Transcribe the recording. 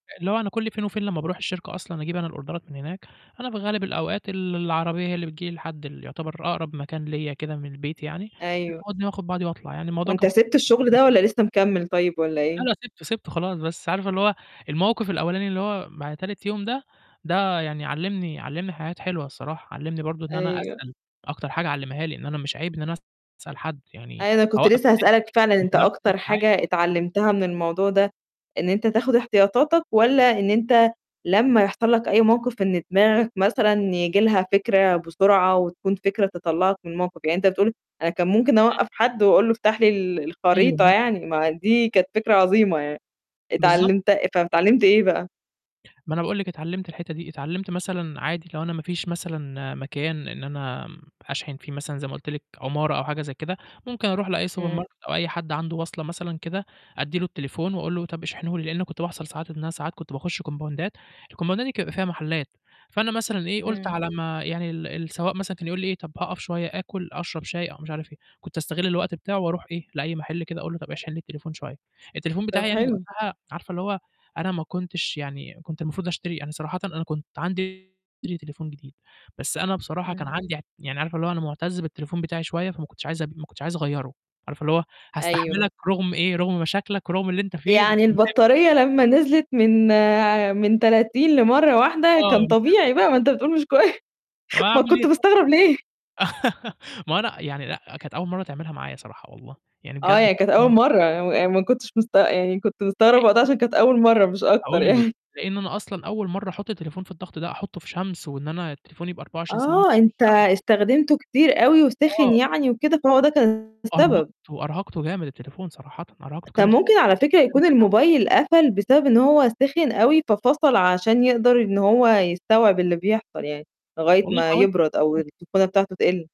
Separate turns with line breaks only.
اللي هو أنا كل فين وفين لمّا باروح الشركة أصلًا أجيب أنا الأوردرات من هناك، أنا في غالب الأوقات ال العربية هي اللي بتيجي لي لحد اللي يُعتبر أقرب مكان ليّا كده من البيت يعني،
أيوه.
بتاخدني وآخُد بعضي وأطلع، يعني الموضوع
وأنت
كان
سِبت الشُغل
[unintelligible]
ده والّا لسه مِكمّل طيب والّا
لأ،
إيه؟
لأ، سِبته، سِبته خلاص، بس عارفة اللي هو الموقِف الأولاني اللي هو بعد تالت يوم ده، ده يعني علّمني علّمني حاجات حلوة الصراحة، علّمني برضه إن أنا
أيوه.
أسأل، أكتر حاجة علّمها لي إن أنا مش عيب إن أنا أسأل حد، يعني
أي أنا كنت
أوقف
لسه
ناس
هاسألك فعلًا،
ما
أنت
أضيّعش [unintelligible]
أكتر
ساعات.
حاجة اتعلّمتها من الموضوع ده إن أنت تاخُد احتياطاتك والّا إن أنت لمّا يحصل لك أي موقِف إن دماغك مثلًا ييجي لها فكرة بسرعة وتكون فكرة تطلّعك من الموقِف، يعني أنت بتقول أنا كان ممكن
[unintelligible]
أوقّف حد وأقول له افتح لي ال
أيوه،
الخريطة
آه.
يعني ما دي كانت فكرة عظيمة يعني
بالضبط.
اتعلّمت فب اتعلّمت إيه بقى؟
ما أنا باقول لِك اتعلّمت الحتّة دي، اتعلّمت مثلًا عادي لو أنا ما فيش مثلًا مكان إن أنا م أشحن فيه مثلًا زي ما قُلت لِك عُمارة أو حاجة زي كده، ممكن أروح لأي سوبر
إمم.
ماركت أو أي حد عنده واصلة مثلًا كده أدّي له التليفون وأقول له طَب اشحنه لي، لإنه كنت بيحصل ساعات إن أنا ساعات كنت باخُش كومباوندات، الكومباوندات دي كان بيبقى فيها محلّات، فأنا مثلًا إيه، قُلت
إمم.
على ما يعني ال السواق مثلًا كان يقول لي إيه: "طَب هاقف شوية آكُل أشرب شاي،" أو مش عارف إيه، كنت أستغِل الوقت بتاعه وأروح إيه، لأي محل كده أقول له: "طَب اشحن لي التليفون شوية." التليفون
طَب
بتاعي يعني
حلو.
وقتها عارفة اللي هو أنا ما كنتش يعني كنت المفروض أشتري يعني صراحةً أنا كنت عندي [unintelligible] تليفون جديد، بس أنا بصراحة كان
إمم.
عندي أع يعني عارفة اللي هو أنا مُعتَز بالتليفون بتاعي شوية، فما كنتش عايز أبي ما كنتش عايز أغيّره، عارفة اللي هو
أيوه.
هاستحملك رُغم إيه، رغُم مشاكلك ورُغم اللي أنت فيه، بس
يعني
باحبك.
البطارية لمّا نزلت من ع من 30 لمرّة واحدة
آه،
كان
نسو
طبيعي بقى ما أنت بتقول مش كوي
طب
ما
أعمل إيه
كنت
طَب؟
مستغرب ليه؟
ما هو أنا يعني لأ، كانت أول مرّة تعملها معايا صراحة والله، يعني بجد
آه،
كانت
يعني كانت
أول
أول
م
مرّة و أ ما كنتش مست يعني كنت مستغرب وقتها
[unintelligible]
عشان كانت أول مرّة مش أكتر
هاقول لِك،
يع
لإن أنا أصلًا أول مرّة أحُط التليفون في الضغط ده، أحُطّه في شمس وإن أنا التليفون يبقى 24 ساعة ماسكه
آه،
في
أنت
الشمس.
استخدمته كتير أوي وسِخن
آه.
يعني وكده فهو ده كان السبب.
أرهقته، أرهقته جامد التليفون صراحةً، أرهقته
طَب
جامد
ممكن على فكرة يكون
[unintelligible] عليه.
الموبايل قفل بسبب إن هو سِخن أوي، ففصل عشان يقدر إن هو يستوعب اللي بيحصل يعني لغاية
والله
ما
حاولت
يبرد أو
أفتحه.
السخونه بتاعته تِقل.